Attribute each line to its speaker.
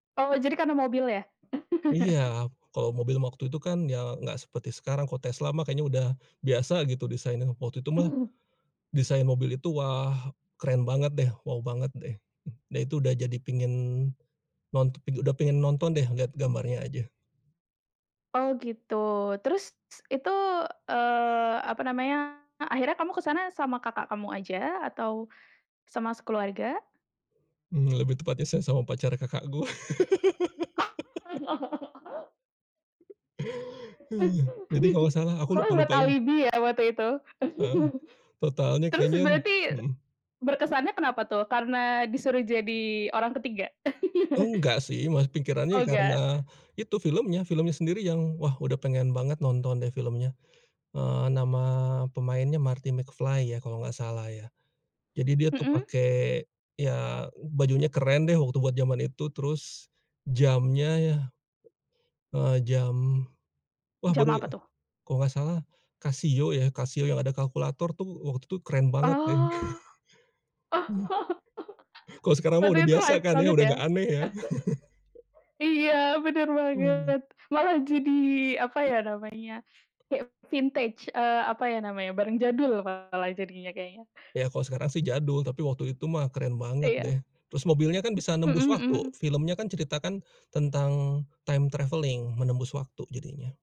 Speaker 1: Oh, jadi karena mobil, ya.
Speaker 2: Iya. Kalau mobil waktu itu, kan, ya, enggak seperti sekarang. Kalau Tesla, mah, kayaknya udah biasa, gitu, desainnya. Waktu itu, mah,
Speaker 1: Hmm.
Speaker 2: desain mobil itu, wah, keren banget, deh, wow banget, deh. Dia itu udah jadi pengen, nont udah pengen nonton, deh, lihat gambarnya aja.
Speaker 1: Oh, gitu. Terus, itu, eee, apa namanya, akhirnya kamu ke sana sama kakak kamu aja, atau sama sekeluarga?
Speaker 2: Mmm, lebih tepatnya saya sama pacar kakak gue.
Speaker 1: Oh.
Speaker 2: Jadi, kalau salah aku
Speaker 1: Kamu buat
Speaker 2: lupa-lupa ing
Speaker 1: alibi, ya, waktu itu?
Speaker 2: Heeh. Totalnya
Speaker 1: Terus,
Speaker 2: kayaknya,
Speaker 1: berarti,
Speaker 2: mhm.
Speaker 1: berkesannya kenapa, tuh? Karena disuruh jadi orang ketiga?
Speaker 2: Enggak, sih, mah.
Speaker 1: Oh,
Speaker 2: Pikirannya, ya, karena,
Speaker 1: enggak.
Speaker 2: itu filmnya filmnya sendiri yang, wah, udah pengen banget nonton, deh, filmnya. Eee, nama pemainnya Marty McFly, ya, kalau enggak salah, ya. Jadi, dia, tuh,
Speaker 1: Mhm.
Speaker 2: pakai, ya, bajunya keren, deh, waktu buat zaman itu, terus, jamnya, ya eee, jam, wah,
Speaker 1: Jam
Speaker 2: baru,
Speaker 1: apa, tuh?
Speaker 2: kalau enggak salah Casio, ya, Casio yang ada kalkulator, tuh. Waktu itu keren banget, deh,
Speaker 1: Oh,
Speaker 2: mhm. Kalau sekarang, mah,
Speaker 1: waktu
Speaker 2: udah
Speaker 1: itu
Speaker 2: biasa,
Speaker 1: hype
Speaker 2: kan, ya,
Speaker 1: banget,
Speaker 2: udah
Speaker 1: ya?
Speaker 2: enggak aneh, ya.
Speaker 1: Iya, bener
Speaker 2: Mmm.
Speaker 1: banget. Malah jadi, apa, ya, namanya, kayak vintage, eee, apa, ya, namanya, barang jadul malah jadinya, kayaknya.
Speaker 2: Ya, kalau sekarang, sih, jadul, tapi waktu itu, mah, keren banget,
Speaker 1: Iya.
Speaker 2: deh. Terus, mobilnya, kan, bisa nembus
Speaker 1: Mhm
Speaker 2: waktu.
Speaker 1: mhm.
Speaker 2: Filmnya, kan, ceritakan tentang time travelling, menembus waktu jadinya.